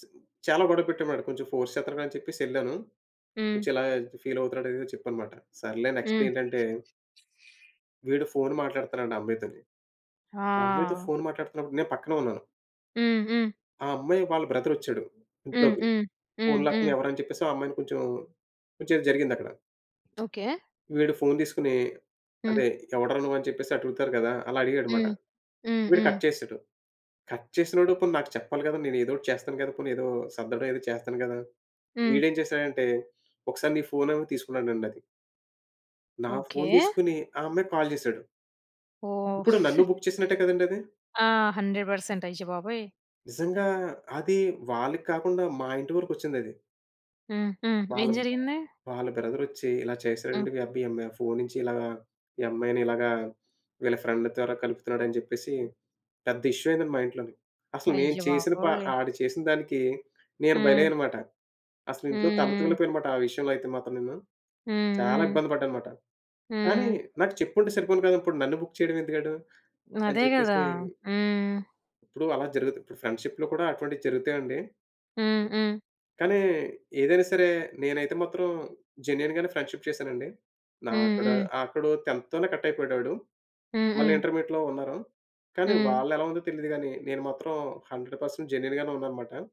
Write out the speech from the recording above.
చిన్ చాలా గొడవ పెట్టమాట. కొంచెం ఫోర్స్ చేత్తనాడు అని చెప్పేసి యెళ్ళాను. హ్మ్. కొంచెం ఇలా ఫీల్ అవుతున్నాడని చెప్పాన్నమాట. సర్లే నెక్స్ట్ హ్మ్. ఏంటంటే విడు ఫోను మాట్లాడుతన్నాడు ఆ అమ్మాయితోని. ఆ అమ్మాయితో ఆ! ఫోను మాట్లాడుతున్నప్పుడు నేపక్కనే ఉన్నాను. హ్మ్. హ్మ్. ఆ అమ్మాయి వాళ్ళ బ్రదరొచ్చాడు హ్మ్. ఇంట్లోకి. హ్మ్. హ్మ్. ఫోనులాక్కొని హ్మ్. ఎవరు అని చెప్పేసి ఆ అమ్మాయిని కొంచెం కొంచేది జరిగిందక్కడ. ఓకే. వీడు ఫోను తీసుకొని హ్మ్. అదే ఎవడ్రా నువ్వుని చెప్పేసి అడుగుతారు గదా! అలా అడిగాడనమాట. హ్మ్. హ్మ్. వీడు హ్మ్. కట్ చేశాడు. కట్ చేసినోడు పోనీ నాకు చెప్పాలి గదా! నేను ఎదో ఒకటి చేస్తాను గదా! పోనీ ఏదో సర్దడి ఏదో చేస్తాను గదా! హ్మ్. వీడేం చేసాడంటే ఒకసారి నీ ఫోనివ్వని తీసుకున్నాడండది. నా ఫోన్ ఓకే. తీసుకొని ఆ అమ్మాయికి కాల్ చేసాడు. ఓహ్! ఇప్పుడు నన్ను బుక్ చేసినట్టే కదండీ అది. ఆ! 100 పర్సెంట్. అయ్యో బాబోయ్! నిజంగా అది వాళ్ళకాకుండా మా ఇంటి వరకొచ్చిందది. హ్మ్. హ్మ్. వాళ్ళ ఏం జరిగింది? వాళ్ళ బ్రదరొచ్చి ఇలా హ్మ్. చేశాడండి." మీ అబ్బి ఈ అమ్మాయి ఫోను నుంచి ఇలాగా ఈ అమ్మాయిని ఇలాగ వీళ్ళ ఫ్రెండ్ ద్వారా కలుపుతున్నాడు" అని చెప్పేసి పెద్ద ఇష్యూ అయిందండి మా ఇంట్లోని. అసలు నేను అయ్యో చేసిన ప బాబోయ్! ఆడు చేసిందానికి నేను హ్మ్. బలియ్యన్నమాట. అసలింట్లో తల హ్మ్. తూలిపోయాననమాట ఆ విషయంలో అయితే మాత్రం నేను, హ్మ్. చాలా హ్మ్. ఇబ్బంది పడ్డాననమాట. కానీ హ్మ్. నాకు చెప్పుంటే సరిపోను గదా! ఇప్పుడు నన్ను బుక్ చేయడమెందుకాడు అని అదె గదా! చెప్పేసి. హ్మ్. ఇప్పుడు అలా జరుగుతది. ఫ్రెండ్‌షిప్‌లో కూడా అటువంటివి జరుగుతాయండి. హ్మ్. హ్మ్. కానీ ఏదైనా సరే నేనైతే మాత్రం జెన్యూన్ గానే ఫ్రెండ్‌షిప్ చేశానండి. నా హ్మ్. అక్కడ హ్మ్. అక్కడ టెన్త్ తోనే కటయిపోయాడాడు. హ్మ్. మళ్ళీ హ్మ్. ఇంటర్మీడియేట్‌లో ఉన్నారు. కానీ హ్మ్. వాళ్ళేలా ఉందో తెలీదు గాని నేను మాత్రం 100 పర్సెంట్ జెన్యూన్‌గానే ఉన్నానన్నమాట.